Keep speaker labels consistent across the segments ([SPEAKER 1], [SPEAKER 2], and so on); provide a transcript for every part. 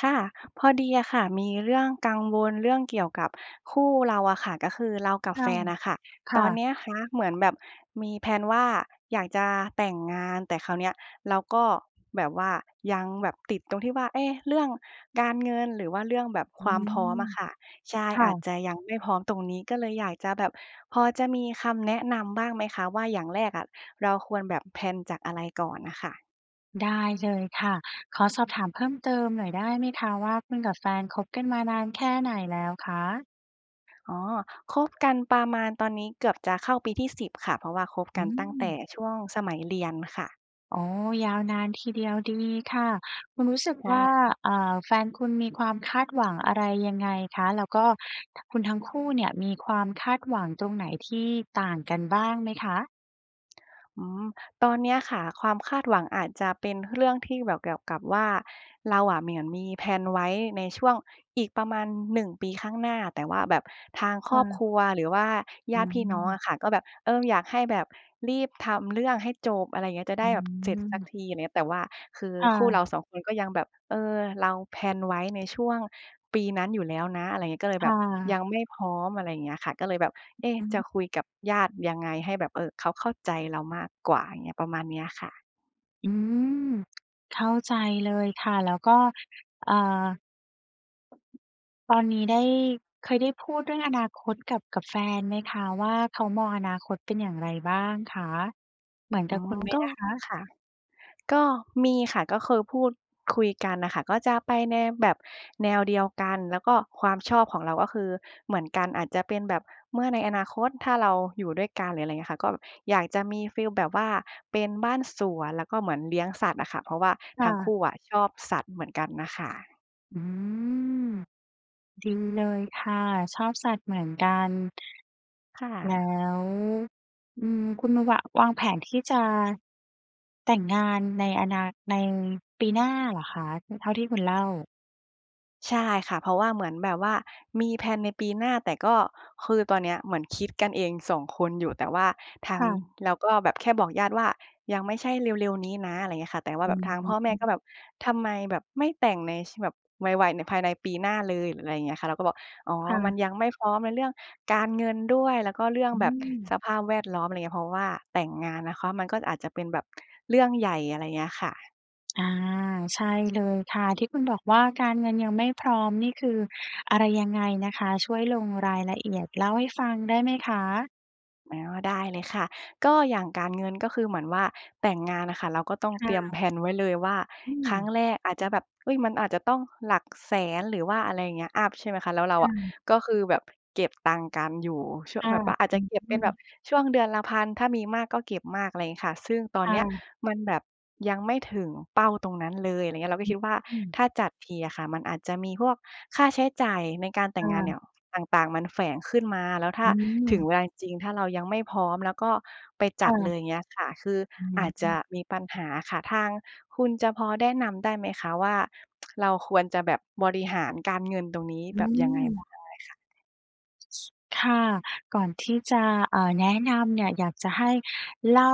[SPEAKER 1] ค่ะ พอดีอะค่ะมีเรื่องกังวลเรื่องเกี่ยวกับคู่เราอะค่ะ ก็คือเรากับ
[SPEAKER 2] ค
[SPEAKER 1] แฟ
[SPEAKER 2] ่ะ
[SPEAKER 1] นอะค่ะ
[SPEAKER 2] ค
[SPEAKER 1] ต
[SPEAKER 2] ่
[SPEAKER 1] อน
[SPEAKER 2] ะ
[SPEAKER 1] เนี้ยคะเหมือนแบบมีแพลนว่า อยากจะแต่งงาน แต่คราวเนี้ยเราก็แบบว่ายังแบบติดตรงที่ว่า เอ๊ะ เรื่องการเงิน หรือว่าเรื่องแบบ
[SPEAKER 2] อื
[SPEAKER 1] ความพร้อม
[SPEAKER 2] ม
[SPEAKER 1] อะค่ะ ใช่
[SPEAKER 2] ค่
[SPEAKER 1] อาจ
[SPEAKER 2] ะ
[SPEAKER 1] จะยังไม่พร้อมตรงนี้ ก็เลยอยากจะแบบ พอจะมีคำแนะนำบ้างไหมคะว่า อย่างแรกอะเราควรแบบ แพลน จากอะไรก่อนอะค่ะ?
[SPEAKER 2] ลได้เลยค่ะ ขอสอบถามเพิ่มเติมหน่อยได้ไหมคะว่า คุณกับแฟนคบกันมานานแค่ไหนแล้วคะ?
[SPEAKER 1] อ๋อ คบกันประมาณตอนนี้เกือบจะเข้าปีที่ 10 ค่ะ เพราะว่าคบ
[SPEAKER 2] อ
[SPEAKER 1] ก
[SPEAKER 2] ื
[SPEAKER 1] ันตั้งแต่
[SPEAKER 2] ม
[SPEAKER 1] ช่วงสมัยเรียนค่ะ
[SPEAKER 2] อ๋อ ยาวนานทีเดียว ดีค่ะ คุณรู้สึก
[SPEAKER 1] ช่
[SPEAKER 2] ว
[SPEAKER 1] า
[SPEAKER 2] ่า
[SPEAKER 1] ฮะ
[SPEAKER 2] อ่า แฟนคุณมีความคาดหวังอะไร ยังไงคะ? แล้วก็ ท คุณทั้งคู่เนี่ยมีความคาดหวังตรงไหนที่ต่างกันบ้างไหมคะ?
[SPEAKER 1] อืม ตอนเนี้ยค่ะความคาดหวังอาจจะเป็นเรื่องที่แบบเกี่ยวกับว่า เราอะเหมือน มี แพลน ไว้ในช่วงอีกประมาณ 1 ปีข้างหน้า แต่ว่าแบบทาง
[SPEAKER 2] ค
[SPEAKER 1] คร
[SPEAKER 2] ่
[SPEAKER 1] อบ
[SPEAKER 2] ะ
[SPEAKER 1] ครัว หรือว่าญ
[SPEAKER 2] อื
[SPEAKER 1] าติพี่น้อง
[SPEAKER 2] ม
[SPEAKER 1] อะค่ะ ก็แบบ เออ อยากให้แบบรีบทำเรื่องให้จบ อะไรอย่างเงี้ย จะไ
[SPEAKER 2] อ
[SPEAKER 1] ด้
[SPEAKER 2] ื
[SPEAKER 1] แบบเสร็จสัก
[SPEAKER 2] ม
[SPEAKER 1] ที อะไรอย่างเงี้ย แต่ว่าคือ
[SPEAKER 2] ค่
[SPEAKER 1] คู่เ
[SPEAKER 2] ะ
[SPEAKER 1] รา 2 คนก็ยังแบบ เออ เรา แพลน ไว้ในช่วงปีนั้นอยู่แล้วนะ อะไรอย่างเงี้ย ก็เลย
[SPEAKER 2] ค
[SPEAKER 1] แบ
[SPEAKER 2] ่
[SPEAKER 1] บย
[SPEAKER 2] ะ
[SPEAKER 1] ังไม่พร้อม อะไรอย่างเงี้ยค่ะ ก็เลยแบบ เอ๊ะ
[SPEAKER 2] อื
[SPEAKER 1] จะ
[SPEAKER 2] ม
[SPEAKER 1] คุยกับญาติยังไง? ให้แบบ เอ่อ เขาเข้าใจเรามากกว่า อย่างเงี้ย ประมาณเนี้ยค่ะ
[SPEAKER 2] อืม เข้าใจเลยค่ะ แล้วก็ อ่า ตอนนี้ได้ เคยได้พูดเรื่องอนาคตกับ กับแฟนไหมคะว่า เขามองอนาคตเป็นอย่างไรบ้างคะ? เหมือน
[SPEAKER 1] อ
[SPEAKER 2] กั
[SPEAKER 1] ๋อ
[SPEAKER 2] บคุณไหม
[SPEAKER 1] ก็
[SPEAKER 2] อะคะ?
[SPEAKER 1] ค่ะ ก็มีค่ะ ก็คือพูดคุยกันน่ะค่ะ ก็จะไปแนวแบบแนวเดียวกัน แล้วก็ความชอบของเราก็คือเหมือนกัน อาจจะเป็นแบบ เมื่อในอนาคตถ้าเราอยู่ด้วยกัน หรืออะไรเงี้ยค่ะ ก็อยากจะมีฟีลแบบว่าเป็นบ้านสวน แล้วก็เหมือนเลี้ยงสัตว์อะค่ะ เพราะว่า
[SPEAKER 2] ค
[SPEAKER 1] ท
[SPEAKER 2] ่
[SPEAKER 1] ั้ง
[SPEAKER 2] ะ
[SPEAKER 1] คู่อะชอบสัตว์เหมือนกันน่ะค่ะ
[SPEAKER 2] อืม ดีเลยค่ะ ชอบสัตว์เหมือนกัน
[SPEAKER 1] ค่
[SPEAKER 2] แล้
[SPEAKER 1] ะ
[SPEAKER 2] ว อืม คุณนะวะ วางแผนที่จะ แต่งงานในอนา ในปีหน้าเหรอคะ? อ เท่าที่คุณเล่า
[SPEAKER 1] ใช่ค่ะ เพราะว่าเหมือนแบบว่ามีแพลนในปีหน้า แต่ก็ คือตอนเนี้ยเหมือนคิดกันเองสองคนอยู่ แต่ว่าทา
[SPEAKER 2] ค
[SPEAKER 1] ง
[SPEAKER 2] ่ะ
[SPEAKER 1] เราก็แบบ แค่บอกญาติว่ายังไม่ใช่เร็ว ๆ นี้นะ อะไรเงี้ยค่ะ แต่ว่า
[SPEAKER 2] อื
[SPEAKER 1] แบบทางพ่
[SPEAKER 2] อ
[SPEAKER 1] อแม่ก็
[SPEAKER 2] ฮึ
[SPEAKER 1] แบบ ทำไมแบบไม่แต่งใน ช แบบไว ๆ หรือภายในปีหน้าเลย? หรืออะไรเงี้ยค่ะ เราก็บอก อ๋อ
[SPEAKER 2] ค่
[SPEAKER 1] มัน
[SPEAKER 2] ะ
[SPEAKER 1] ยังไม่พร้อมในเรื่องการเงินด้วย แล้วก็เรื่อง
[SPEAKER 2] อื
[SPEAKER 1] แบบส
[SPEAKER 2] ม
[SPEAKER 1] ภาพแวด ล้อม อะไรอย่างเงี้ย เพราะว่าแต่งงานนะคะ มันก็อาจจะเป็นแบบเรื่องใหญ่ อะไรเงี้ยค่ะ
[SPEAKER 2] อา ใช่เลยค่ะ ที่คุณบอกว่า การเงินยังไม่พร้อมนี่คืออะไรยังไงนะคะ ช่วยลงรายละเอียด เล่าให้ฟังได้ไหมคะ?
[SPEAKER 1] อ๋อ ได้เลยค่ะ ก็อย่างการเงิน ก็คือเหมือนว่า แต่งงานน่ะค่ะเราก็ต้อง
[SPEAKER 2] ค
[SPEAKER 1] เต
[SPEAKER 2] ่
[SPEAKER 1] รียม
[SPEAKER 2] ะ
[SPEAKER 1] แพลนไว้เลยว่า
[SPEAKER 2] อื
[SPEAKER 1] ครั้ง
[SPEAKER 2] ม
[SPEAKER 1] แรกอาจจะแบบ อุ๊ย มันอาจจะต้องหลัก 100,000 หรือว่าอะไรอย่างเงี้ย อัป ใช่ไหมคะ แล้วเรา
[SPEAKER 2] ค่
[SPEAKER 1] อะ
[SPEAKER 2] ะ
[SPEAKER 1] ก็คือแบบเก็บตังค์กันอยู่ช่
[SPEAKER 2] ค
[SPEAKER 1] วง
[SPEAKER 2] ่ะ
[SPEAKER 1] แบบว่าอาจจะเก็บเ
[SPEAKER 2] อ
[SPEAKER 1] ป
[SPEAKER 2] ื
[SPEAKER 1] ็นแบบ
[SPEAKER 2] ม
[SPEAKER 1] ช่วงเดือนละ 1,000 ถ้ามีมากก็เก็บมาก อะไรอย่างงี้ค่ะ ซึ่งตอ
[SPEAKER 2] ค
[SPEAKER 1] น
[SPEAKER 2] ่
[SPEAKER 1] เนี้ย
[SPEAKER 2] ะ
[SPEAKER 1] มันแบบยังไม่ถึงเป้าตรงนั้นเลย อะไรอย่างเงี้ย เราก็คิดว่า
[SPEAKER 2] อืม
[SPEAKER 1] ถ้าจัดทีอะค่ะ มันอาจจะมีพวกค่าใช้จ่ายในการแต
[SPEAKER 2] ค
[SPEAKER 1] ่
[SPEAKER 2] ่
[SPEAKER 1] งงานเนี
[SPEAKER 2] ะ
[SPEAKER 1] ่ยต่าง ๆ มันแฝงขึ้นมา แล้วถ้
[SPEAKER 2] อ
[SPEAKER 1] า
[SPEAKER 2] ื
[SPEAKER 1] ถึง
[SPEAKER 2] ม
[SPEAKER 1] เวลาจริง ๆ ถ้าเรายังไม่พร้อมแล้วก็ไปจ
[SPEAKER 2] ค่
[SPEAKER 1] ัดเล
[SPEAKER 2] ะ
[SPEAKER 1] ย เงี้ยค่ะ คือ
[SPEAKER 2] อือ
[SPEAKER 1] อาจ
[SPEAKER 2] ฮ
[SPEAKER 1] จะ
[SPEAKER 2] ึ
[SPEAKER 1] มีปัญหาค่ะ ทางคุณจะพอแนะนำได้ไหมคะว่า เราควรจะแบบบริหารการเงินตรงนี้
[SPEAKER 2] อื
[SPEAKER 1] แบบยังไง? พู
[SPEAKER 2] ม
[SPEAKER 1] ดได้ค่ะ
[SPEAKER 2] ค่ะ ก่อนที่จะ เอ่อ แนะนำเนี่ย อยากจะให้เล่า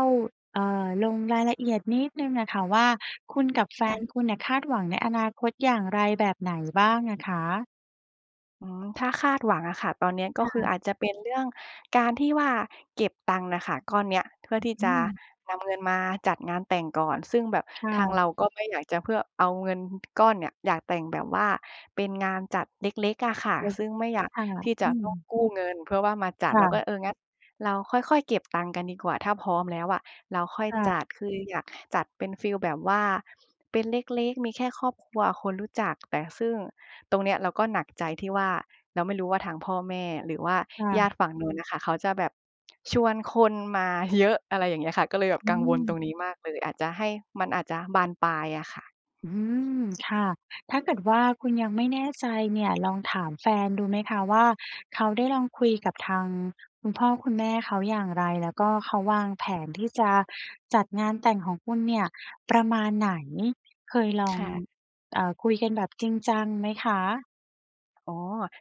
[SPEAKER 2] เอ่อ ลงรายละเอียดนิดหนึ่งอะค่ะว่า คุณกับแฟ
[SPEAKER 1] ค่
[SPEAKER 2] น
[SPEAKER 1] ะ
[SPEAKER 2] คุณเนี่ยคาดหวังในอนาคตอย่างไรแบบไหนบ้างอะคะ?
[SPEAKER 1] อืม ถ้าคาดหวังอะค่ะ ตอนเนี้ยก็
[SPEAKER 2] ค
[SPEAKER 1] คือ
[SPEAKER 2] ่ะ
[SPEAKER 1] อาจจะเป็นเรื่องการที่ว่าเก็บตังค์น่ะค่ะ ก้อนเนี้ย เพื่อที่
[SPEAKER 2] อ
[SPEAKER 1] จ
[SPEAKER 2] ื
[SPEAKER 1] ะ
[SPEAKER 2] ม
[SPEAKER 1] นำเงินมาจัดงานแต่งก่อน ซึ่งแบบ
[SPEAKER 2] ค่
[SPEAKER 1] ทาง
[SPEAKER 2] ะ
[SPEAKER 1] เราก็ไม่อยากจะเพื่อ เอาเงินก้อนเนี่ย อยากแต่งแบบว่าเป็นงานจัดเล็ก ๆ อะค่ะ ซึ่งไม่อยาก
[SPEAKER 2] ค่ะ
[SPEAKER 1] ที่จ
[SPEAKER 2] อ
[SPEAKER 1] ะ
[SPEAKER 2] ื
[SPEAKER 1] ต้อง
[SPEAKER 2] ม
[SPEAKER 1] กู้เงินเพื่อว่ามาจั
[SPEAKER 2] ค
[SPEAKER 1] ด
[SPEAKER 2] ่
[SPEAKER 1] เราก็
[SPEAKER 2] ะ
[SPEAKER 1] เออ งั้นเราค่อย ๆ เก็บตังค์กันดีกว่า ถ้าพร้อมแล้วอะเราค่อย
[SPEAKER 2] ค่
[SPEAKER 1] จั
[SPEAKER 2] ะ
[SPEAKER 1] ด คืออยากจัดเป็นฟีลแบบว่า เป็นเล็ก ๆ มีแค่ครอบครัวคนรู้จัก แต่ซึ่งตรงเนี้ยเราก็หนักใจที่ว่า เราไม่รู้ว่าทางพ่อแม่ หรือว่า
[SPEAKER 2] ค่
[SPEAKER 1] ญาต
[SPEAKER 2] ะ
[SPEAKER 1] ิฝั่ง นู้นน่ะค่ะ เขาจะแบบชวนคนมา เยอะ อะไรอย่างเงี้ยค่ะ ก็เลยแบบ
[SPEAKER 2] อื
[SPEAKER 1] กังวล ต
[SPEAKER 2] ม
[SPEAKER 1] รงนี้มากเลย อาจจะให้ มันอาจจะบานปลายอะค่ะ
[SPEAKER 2] อืม ค่ะ ถ้าเกิดว่าคุณยังไม่แน่ใจเนี่ย ลองถามแฟนดูไหมคะว่า เขาได้ลองคุยกับทางคุณพ่อคุณแม่เขาอย่างไร? แล้วก็เขาวางแผนที่จะจัดงานแต่งของคุณเนี่ยประมาณไหน? เคยลอ
[SPEAKER 1] ค
[SPEAKER 2] ง
[SPEAKER 1] ่ะ
[SPEAKER 2] เอ่อ คุยกันแบบจริงจังไหมคะ?
[SPEAKER 1] อ๋อ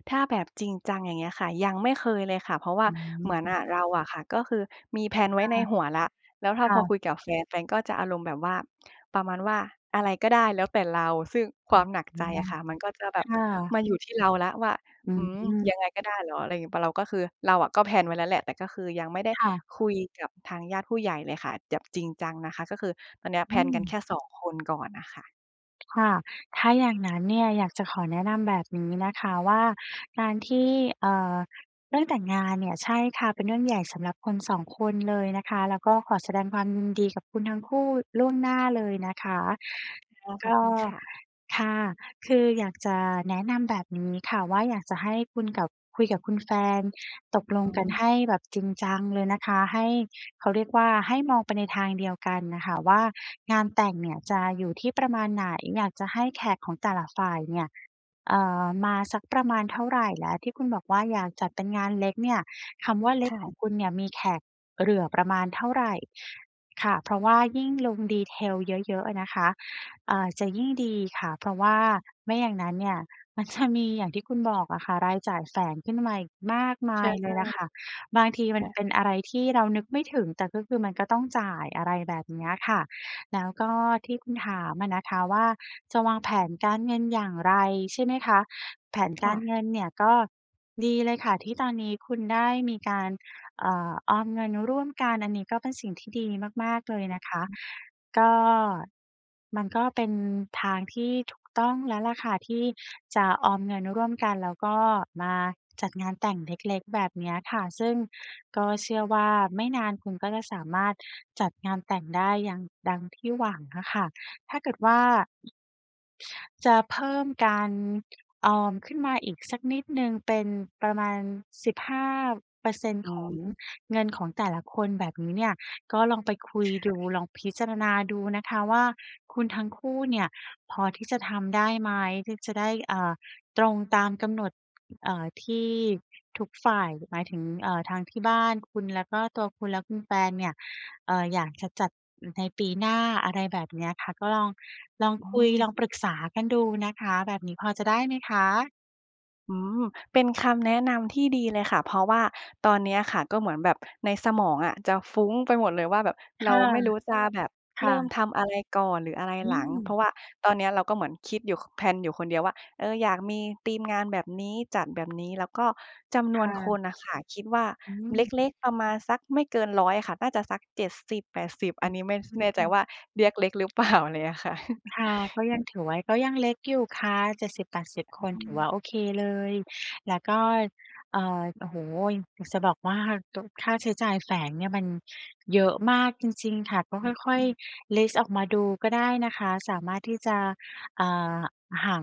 [SPEAKER 1] ถ้าแบบจริงจัง อย่างเงี้ยค่ะ ยังไม่เคยเลยค่ะ เพราะว่า
[SPEAKER 2] อ
[SPEAKER 1] เหมือน
[SPEAKER 2] ื
[SPEAKER 1] อ
[SPEAKER 2] ม
[SPEAKER 1] ะ เราอะค่ะ ก็คือ มีแพลนไว
[SPEAKER 2] ค
[SPEAKER 1] ้
[SPEAKER 2] ่ะ
[SPEAKER 1] ในหัวแล้ว แล้วถ้า
[SPEAKER 2] ค่
[SPEAKER 1] พอค
[SPEAKER 2] ะ
[SPEAKER 1] ุยกับแฟน แฟนก็จะอารมณ์แบบว่า ประมาณว่า อะไรก็ได้แล้วแต่เรา ซึ่ง ค
[SPEAKER 2] อ๋
[SPEAKER 1] วามหนักใจ
[SPEAKER 2] อ
[SPEAKER 1] อะค่ะ มันก็จะแบ
[SPEAKER 2] ค
[SPEAKER 1] บ
[SPEAKER 2] ่ะ
[SPEAKER 1] มาอยู่ที่เราแล้วว่า
[SPEAKER 2] อื
[SPEAKER 1] อืม
[SPEAKER 2] ม
[SPEAKER 1] ยังไงก็ได้เหรอ? อะไร อ เราก็คือ เราอะก็ แพลน ไว้แล้วแหละ แต่ก็คือ ยังไม่ได้
[SPEAKER 2] ค่ะ
[SPEAKER 1] คุยกับทางญาติผู้ใหญ่เลยค่ะ แบบ จริงจังนะคะ ก็คือตอนนี้อะแ
[SPEAKER 2] อ
[SPEAKER 1] พ
[SPEAKER 2] ื
[SPEAKER 1] ลนกันแ
[SPEAKER 2] ม
[SPEAKER 1] ค่ 2 คนก่อนน่ะค่ะ
[SPEAKER 2] ค่ะ ถ้าอย่างนั้น เนี่ยอยากจะขอแนะนำแบบนี้นะคะว่า การที่ เอ่อ เรื่องแต่งงานเนี่ย ใช่ค่ะ เป็นเรื่องใหญ่สำหรับคน 2 คนเลยนะคะ แล้วก็ขอแสดงความยินดีกับคุณทั้งคู่ล่วงหน้าเลยนะคะ
[SPEAKER 1] อ๋อ ข
[SPEAKER 2] ก
[SPEAKER 1] อบ
[SPEAKER 2] ็
[SPEAKER 1] คุณค่ะ
[SPEAKER 2] ค่ะ คืออยากจะแนะนำแบบนี้ค่ะว่า อยากจะให้คุณกับ คุยกับคุณแฟน ตกล
[SPEAKER 1] อ
[SPEAKER 2] ง
[SPEAKER 1] ๋
[SPEAKER 2] กันใ
[SPEAKER 1] อ
[SPEAKER 2] ห้แบบจริงจังเลยนะคะ ให้ เขาเรียกว่า ให้มองไปในทางเดียวกันน่ะค่ะว่า งานแต่งเนี่ยจะอยู่ที่ประมาณไหน? อยากจะให้แขกของแต่ละฝ่ายเนี่ย เอ่อ มาสักประมาณเท่าไร? และที่คุณบอกว่า อยากจัดเป็นงานเล็กเนี่ย คำว่าเล็
[SPEAKER 1] ค
[SPEAKER 2] ก
[SPEAKER 1] ่
[SPEAKER 2] ข
[SPEAKER 1] ะ
[SPEAKER 2] องคุณเนี่ยมีแขกเหรื่อประมาณเท่าไร? ค่ะ เพราะว่ายิ่งลง Detail เยอะ ๆ อะนะคะ อ่า จะยิ่งดีค่ะ เพราะว่าไม่อย่างนั้นเนี่ยมัน จะ มีอย่างที่คุณบอกอะค่ะ รายจ่ายแฝงขึ้นมาอีกมากม
[SPEAKER 1] ใช
[SPEAKER 2] า
[SPEAKER 1] ่
[SPEAKER 2] ยเลยแหละค่ะ บางทีม
[SPEAKER 1] ค
[SPEAKER 2] ัน
[SPEAKER 1] ่ะ
[SPEAKER 2] เป็นอะไรที่เรานึกไม่ถึง แต่ก็คือมันก็ต้องจ่าย อะไรแบบเนี้ยค่ะ แล้วก็ที่คุณถามอะนะคะว่า จะวางแผนการเงินอย่างไร? ใช่ไหมคะ? แผน
[SPEAKER 1] ค
[SPEAKER 2] ก
[SPEAKER 1] ่
[SPEAKER 2] ารเ
[SPEAKER 1] ะ
[SPEAKER 2] งินเนี่ยก็ ดีเลยค่ะที่ตอนนี้คุณได้มีการ เอ่อ ออมเงินร่วมกัน อันนี้ก็เป็นสิ่งที่ดีมาก ๆ เลยนะคะ
[SPEAKER 1] อืม
[SPEAKER 2] ก็ มันก็เป็นทางที่ถูกต้องแล้วล่ะค่ะที่จะออมเงินร่วมกันแล้วก็มาจัดงานแต่งเล็ก ๆ แบบเนี้ยค่ะ ซึ่งก็เชื่อว่า ไม่นานคุณก็จะสามารถจัดงานแต่งได้ยัง ดังที่หวังอะค่ะ ถ้าเกิดว่า จะเพิ่มการออมขึ้นมาอีกสักนิดหนึ่งเป็นประมาณ สิบห้าเปอร์เซ็นต
[SPEAKER 1] อ
[SPEAKER 2] ์
[SPEAKER 1] ๋
[SPEAKER 2] ของ
[SPEAKER 1] อ
[SPEAKER 2] เงินของแต่ละคน แบบนี้เนี่ย ก็ลองไปคุย
[SPEAKER 1] ค่
[SPEAKER 2] ดู
[SPEAKER 1] ะ
[SPEAKER 2] ลองพิจารณาดูนะคะว่า คุณทั้งคู่เนี่ยพอที่จะทำได้ไหม? ที่จะได้ อ่า ตรงตามกำหนด เอ่อ ที่ทุกฝ่าย หมายถึง เอ่อ ทางที่บ้านคุณ แล้วก็ตัวคุณและคุณแฟนเนี่ย เอ่อ อยากจะจัด อืม ในปีหน้า อะไรแบบเนี้ยค่ะ ก็ลอง ลอง
[SPEAKER 1] อ๋
[SPEAKER 2] คุย ลอง
[SPEAKER 1] อ
[SPEAKER 2] ปรึกษากันดูนะคะ แบบนี้พอจะได้ไหมคะ?
[SPEAKER 1] อืม เป็นคำแนะนำที่ดีเลยค่ะ เพราะว่าตอนเนี้ยค่ะ ก็เหมือนแบบในสมองอะจะฟุ้งไปหมดเลยว่าแบบ
[SPEAKER 2] ค
[SPEAKER 1] เรา
[SPEAKER 2] ่ะ
[SPEAKER 1] ไม่รู้จะแบบ
[SPEAKER 2] ค
[SPEAKER 1] เร
[SPEAKER 2] ่
[SPEAKER 1] ิ่ม
[SPEAKER 2] ะ
[SPEAKER 1] ทำอะไรก่อน หรืออะไร
[SPEAKER 2] อื
[SPEAKER 1] หลัง เพรา
[SPEAKER 2] ม
[SPEAKER 1] ะว่าตอนเนี้ยเราก็เหมือนคิดอยู่ ค แพลนอยู่คนเดียวว่า เออ อยากมีธีมงานแบบนี้ จัดแบบนี้ แล้วก็จำน
[SPEAKER 2] ค
[SPEAKER 1] ว
[SPEAKER 2] ่
[SPEAKER 1] นค
[SPEAKER 2] ะ
[SPEAKER 1] นน่ะค่ะ คิดว่า
[SPEAKER 2] อื
[SPEAKER 1] เ
[SPEAKER 2] ม
[SPEAKER 1] ล็ก ๆ ประมาณสักไม่เกิน 100 ค่ะ น่าจะสัก 70-80
[SPEAKER 2] อ
[SPEAKER 1] อันนี้ไม่ ส แน่ใจ
[SPEAKER 2] ืม
[SPEAKER 1] ว่าเรียกเล็กหรือเปล่า อะไรเงี้ยค่ะ
[SPEAKER 2] ค่ะ ก็ยังถือว่าก็ยังเล็กอยู่ค่ะ 70-80 คน
[SPEAKER 1] อื
[SPEAKER 2] ถือ
[SPEAKER 1] ม
[SPEAKER 2] ว่าโอเคเลย แล้วก็ เอ่อ โอ้โฮ! อยากจะบอกว่า ต ค่าใช้จ่ายแฝงเนี่ยมันเยอะมากจริง ๆ ค่ะ ก็ค่อ
[SPEAKER 1] อ
[SPEAKER 2] ย
[SPEAKER 1] ืม
[SPEAKER 2] ๆ ลิสต์ออกมาดูก็ได้นะคะ สามารถที่จะ อ่า หา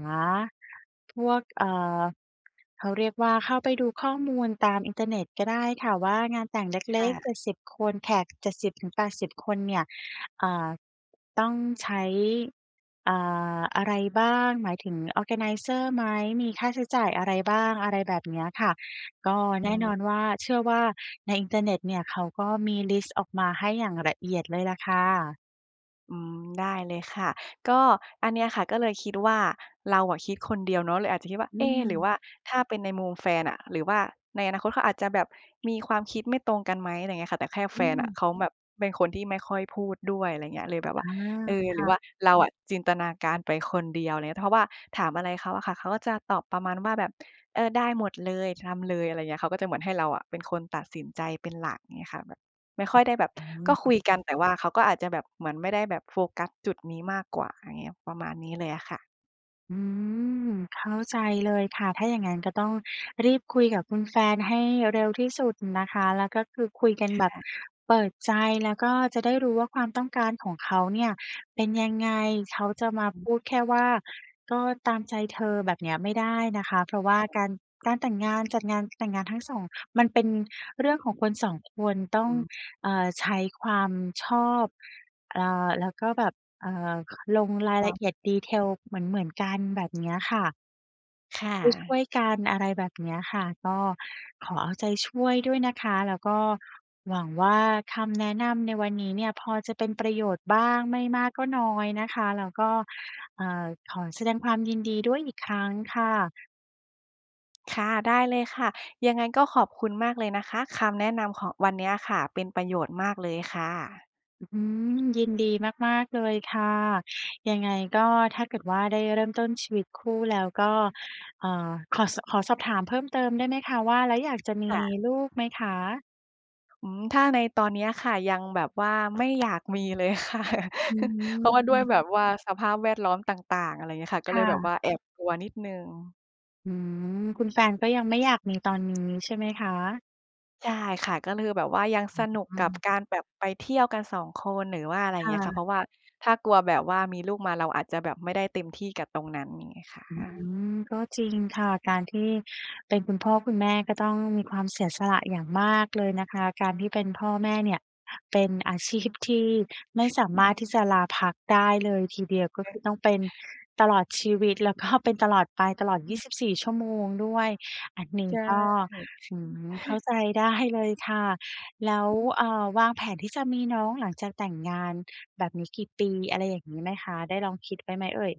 [SPEAKER 2] พวก เอ่อ เขาเรียกว่า เข้าไปดูข้อมูลตามอินเทอร์เน็ตก็ได้ค่ะว่า งานแต่งเ
[SPEAKER 1] ค
[SPEAKER 2] ล
[SPEAKER 1] ่
[SPEAKER 2] ็ก ๆ
[SPEAKER 1] ะ
[SPEAKER 2] 70 คน แขก 70-80 คนเนี่ย อ่า ต้องใช้ อ่า อะไรบ้าง หมายถึงออร์แกไนเซอร์ไหม มีค่าใช้จ่ายอะไรบ้าง? อะไรแบบเนี้ยค่ะ ก็
[SPEAKER 1] อื
[SPEAKER 2] แน่
[SPEAKER 1] ม
[SPEAKER 2] นอนว่า เชื่อว่า ในอินเทอร์เน็ตเนี่ย เขาก็มีลิสต์ออกมาให้อย่างละเอียดเลยล่ะค่ะ
[SPEAKER 1] อืม ได้เลยค่ะ ก็อันเนี้ยค่ะ ก็เลยคิดว่าเราอะคิดคนเดียวเนาะ เลยอาจจะคิดว่า
[SPEAKER 2] อื
[SPEAKER 1] เอ หรือว
[SPEAKER 2] ม
[SPEAKER 1] ่าถ้าเป็นในมุมแฟนอะ หรือว่าในอนาคตเขาอาจจะแบบมีความคิดไม่ตรงกันไหม อะไรอย่างเงี้ยค่ะ แต่แค่
[SPEAKER 2] อ
[SPEAKER 1] แฟ
[SPEAKER 2] ื
[SPEAKER 1] นอะ
[SPEAKER 2] ม
[SPEAKER 1] เขาแบบเป็นคนที่ไม่ค่อยพูดด้วย อะไรอย่างเงี้ย เลยแบบ
[SPEAKER 2] อ
[SPEAKER 1] ว่า
[SPEAKER 2] า
[SPEAKER 1] เออ
[SPEAKER 2] ค
[SPEAKER 1] หรื
[SPEAKER 2] ่
[SPEAKER 1] อ
[SPEAKER 2] ะ
[SPEAKER 1] ว่าเราอะจินตนาการไปคนเดียว อะไรเงี้ย เพราะว่าถามอะไรเขาอะค่ะ เขาก็จะตอบประมาณว่าแบบ เออ ได้หมดเลย ทำเลย อะไรเงี้ย เขาก็จะเหมือนให้เราอะเป็นคนตัดสินใจเป็นหลักงี้อะค่ะ แบบไม่ค่อยได้แบบ
[SPEAKER 2] อื
[SPEAKER 1] ก็คุ
[SPEAKER 2] ม
[SPEAKER 1] ยกัน แต่ว่าเขาก็อาจจะแบบเหมือนไม่ได้แบบโฟกัสจุดนี้มากกว่า อย่างเงี้ย ประมาณนี้เลยอะค่ะ
[SPEAKER 2] อืม เข้าใจเลยค่ะ ถ้าอย่างงั้นก็ต้องรีบคุยกับคุณแฟนให้เร็วที่สุดนะคะ แล้วก็คือคุยกัน
[SPEAKER 1] ค
[SPEAKER 2] แบบ
[SPEAKER 1] ่ะ
[SPEAKER 2] เปิดใจ แล้วก็จะได้รู้ว่า ความต้องการของเขาเนี่ยเป็นยังไง เขาจะมา
[SPEAKER 1] อ
[SPEAKER 2] พ
[SPEAKER 1] ืม
[SPEAKER 2] ูดแค่ว่าก็ตามใจเธอแบบเนี้ยไม่ได้นะคะ เพราะว
[SPEAKER 1] ค
[SPEAKER 2] ่า
[SPEAKER 1] ่ะ
[SPEAKER 2] การ การแต่งงานจัดงานแต่งงานทั้ง 2 มันเป็นเรื่องของคน 2 คนต้
[SPEAKER 1] อ
[SPEAKER 2] อง
[SPEAKER 1] ือ
[SPEAKER 2] เอ่อ ใช้ความชอบ เอ่อ แล้วก็แบบ เอ่อ ลงราย
[SPEAKER 1] ค่
[SPEAKER 2] ละ
[SPEAKER 1] ะ
[SPEAKER 2] เอียด Detail เหมือน ๆ กันแบบเนี้ยค่ะ
[SPEAKER 1] ค่
[SPEAKER 2] ช่
[SPEAKER 1] ะ
[SPEAKER 2] วย ๆ กัน อะไรแบบเนี้ยค่ะ ก็ขอเอาใจช่วยด้วยนะคะ แล้วก็หวังว่า คำแนะนำในวันนี้เนี่ยพอจะเป็นประโยชน์บ้างไม่มากก็น้อยนะคะ แล้วก็ เอ่อ ขอแสดงความยินดีด้วยอีกครั้งค่ะ
[SPEAKER 1] ค่ะ ได้เลยค่ะ ยังไงก็ขอบคุณมากเลยนะคะ คำแนะนำของวันเนี้ยค่ะ เป็นประโยชน์มากเลยค่ะ
[SPEAKER 2] อืม ยินดีมาก ๆ เลยค่ะ ยังไงก็ถ้าเกิดว่า ได้เริ่มต้นชีวิตคู่แล้วก็ เอ่อ ขอสะ ขอสอบถามเพิ่มเติมได้ไหมคะ ว่าแล้วอยากจะมี
[SPEAKER 1] ค่ะ
[SPEAKER 2] ลูกไหมคะ?
[SPEAKER 1] อืม ถ้าในตอนเนี้ยค่ะ ยังแบบว่า ไม่อยากมีเลย ค่ะ
[SPEAKER 2] อื
[SPEAKER 1] เพราะว่าด้วย
[SPEAKER 2] ม
[SPEAKER 1] แบบว่าสภาพแวดล้อมต่าง ๆ อะไรอย่างเงี้ยค่ะ ก็
[SPEAKER 2] ค
[SPEAKER 1] เล
[SPEAKER 2] ่
[SPEAKER 1] ยแบบ
[SPEAKER 2] ะ
[SPEAKER 1] ว่าแอบกลัวนิดหนึ่ง
[SPEAKER 2] อืม คุณแฟนก็ยังไม่อยาก มีตอนนี้ใช่ไหมคะ?
[SPEAKER 1] ใช่ ค่ะ ก็เลยแบบว่ายังสนุก
[SPEAKER 2] อื
[SPEAKER 1] กับ
[SPEAKER 2] ม
[SPEAKER 1] การแบบไปเที่ยวกัน 2 คน หรือว่าอะไรอย่
[SPEAKER 2] ค
[SPEAKER 1] างเ
[SPEAKER 2] ่
[SPEAKER 1] งี้ยค่ะ เ
[SPEAKER 2] ะ
[SPEAKER 1] พราะว่าถ้ากลัวแบบว่ามีลูกมาเราอาจจะแบบไม่ได้เต็มที่กับตรงนั้น อย่างเงี้ยค่
[SPEAKER 2] อื
[SPEAKER 1] ะ
[SPEAKER 2] ม ก็จริงค่ะ การที่เป็นคุณพ่อคุณแม่ ก็ต้องมีความเสียสละอย่างมากเลยนะคะ การที่เป็นพ่อแม่เนี่ยเป็นอาชีพที่ ไม่สามารถที่จะลาพักได้เลยทีเดียว ก็คือต้องเป็นตลอดชีวิต แล้วก็เป็นตลอดไป ตลอด ยี
[SPEAKER 1] อือ
[SPEAKER 2] ่สิบสี่ ชั่วโมงด้วย อันนี
[SPEAKER 1] ใ
[SPEAKER 2] ้
[SPEAKER 1] ช่
[SPEAKER 2] ก็ อืม เข้าใจได้เลยค่ะ แล้ว
[SPEAKER 1] อือ
[SPEAKER 2] อ่า วางแผนที่จะมีน้อง หลังจากแต่งงานแบบนี้กี่ปี อะไรอย่างงี้ไหมคะ? ได้ลองคิดไว้ไหมเอ่ย?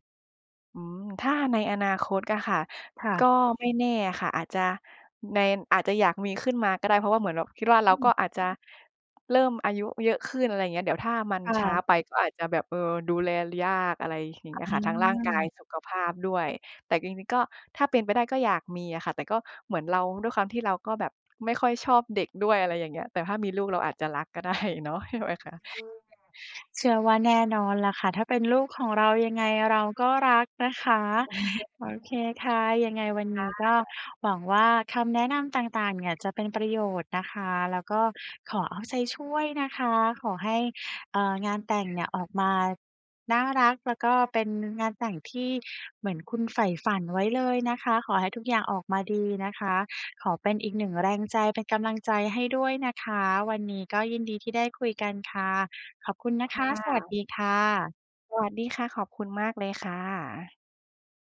[SPEAKER 1] อืม ถ้าในอนาคตอะค่ะ
[SPEAKER 2] ค่
[SPEAKER 1] ก็
[SPEAKER 2] ะ
[SPEAKER 1] ไม่แน่อะค่ะ อาจจะใน อาจจะอยากมีขึ้นมาก็ได้ เพราะว่าเหมือนแบบคิดว่า
[SPEAKER 2] อ
[SPEAKER 1] เรา
[SPEAKER 2] ื
[SPEAKER 1] ก
[SPEAKER 2] ม
[SPEAKER 1] ็อาจจะเริ่มอายุเยอะขึ้น อะไรอย่างเงี้ย เดี๋ยวถ้ามัน
[SPEAKER 2] ค่
[SPEAKER 1] ช้า
[SPEAKER 2] ะ
[SPEAKER 1] ไปก็อาจจะแบบ เออ ดูแล ล ยาก อะไรอย่าง
[SPEAKER 2] อ
[SPEAKER 1] เง
[SPEAKER 2] ื
[SPEAKER 1] ี้ยอะค่ะ ทั้งร่างกาย
[SPEAKER 2] ม
[SPEAKER 1] สุขภาพด้วย แต่จริง ๆ ก็ถ้าเป็นไปได้ก็อยากมีอะค่ะ แต่ก็เหมือนเรา ด้วยความที่เราก็แบบไม่ค่อยชอบเด็กด้วย อะไรอย่างเงี้ย แต่ถ้ามีลูกเราอาจจะรัก ก็ได้เนาะ ใช่ไหมคะ?
[SPEAKER 2] เชื่อว่าแน่นอนล่ะค่ะ ถ้าเป็นลูกของเรายังไงเราก็รักนะคะ โอเคค่ะ ยังไงวัน
[SPEAKER 1] ค
[SPEAKER 2] น
[SPEAKER 1] ่
[SPEAKER 2] ี้ก็
[SPEAKER 1] ะ
[SPEAKER 2] หวังว่าคำแนะนำต่าง ๆ เนี่ยจะเป็นประโยชน์นะคะ แล้วก็ขอเอาใจช่วยนะคะ ขอให้ เอ่อ งานแต่งเนี่ย ออกมาน่ารัก แล้วก็เป็นงานแต่งที่เหมือนคุณใฝ่ฝันไว้เลยนะคะ ขอให้ทุกอย่างออกมาดีนะคะ ขอเป็นอีกหนึ่งแรงใจ เป็นกำลังใจให้ด้วยนะคะ วันนี้ก็ยินดีที่ได้คุยกันค่ะ ขอบคุณน
[SPEAKER 1] ค
[SPEAKER 2] ะค
[SPEAKER 1] ่
[SPEAKER 2] ะ สวัส
[SPEAKER 1] ะ
[SPEAKER 2] ดีค่ะ
[SPEAKER 1] สวัสดีค่ะ ขอบคุณมากเลยค่ะ